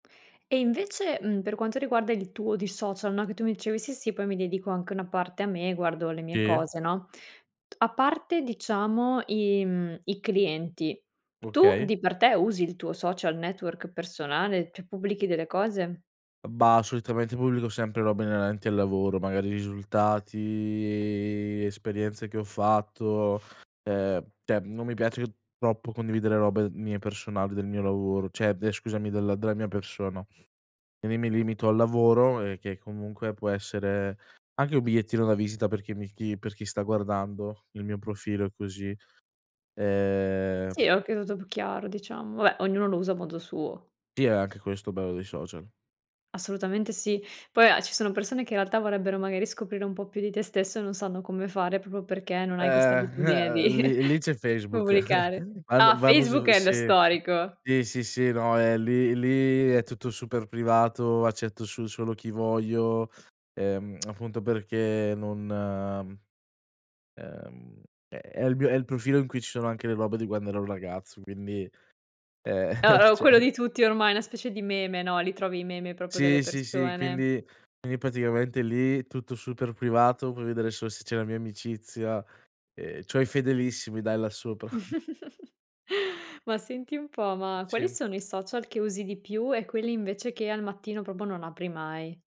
E invece, mhmm, per quanto riguarda il tuo di social, no, che tu mi dicevi: "Sì sì, poi mi dedico anche una parte a me, guardo le mie Sì. cose", no, a parte diciamo i mhmm, i clienti, tu Okay. di per te usi il tuo social network personale, cioè pubblichi delle cose? Mhmm, bah, solitamente pubblico sempre robe inerenti al lavoro, magari risultati, esperienze che ho fatto, ehm, cioè non mi piace troppo condividere robe mie personali, del mio lavoro cioè scusami della della mia persona. Quindi mi limito al lavoro e che comunque può essere anche un bigliettino da visita per chi mi per chi sta guardando il mio profilo così, ehm Sì, oka tutto più chiaro diciamo. Vabbè, ognuno lo usa a modo suo. Sì, è anche questo bello dei social. Assolutamente sì. Poi a ci sono persone che in realtà vorrebbero magari scoprire un po' più di te stesso e non sanno come fare proprio perché non hai questa Ehm, abitudine di lì lì c'è Facebook. pubblicare. Ah, Van vanno Facebook su è lo sì, storico. sì. sì, no eh lì lì è tutto super privato accetto su solo chi voglio, ehm, appunto perché non ehm, è il m è il profilo in cui ci sono anche le robe di quando era un ragazzo, quindi, ehm, Uh, uh, quello cioè di tutti ormai, una specie di meme, no, li trovi i meme proprio delle Sì, sì, sì, persone. quindi quindi praticamente lì tutto super privato, puoi vedere solo se c'è la mia amicizia e c'ho i fedelissimi dai là sopra. Ma senti un po', ma quali Sì. sono i social che usi di più e quelli invece che al mattino proprio non apri mai?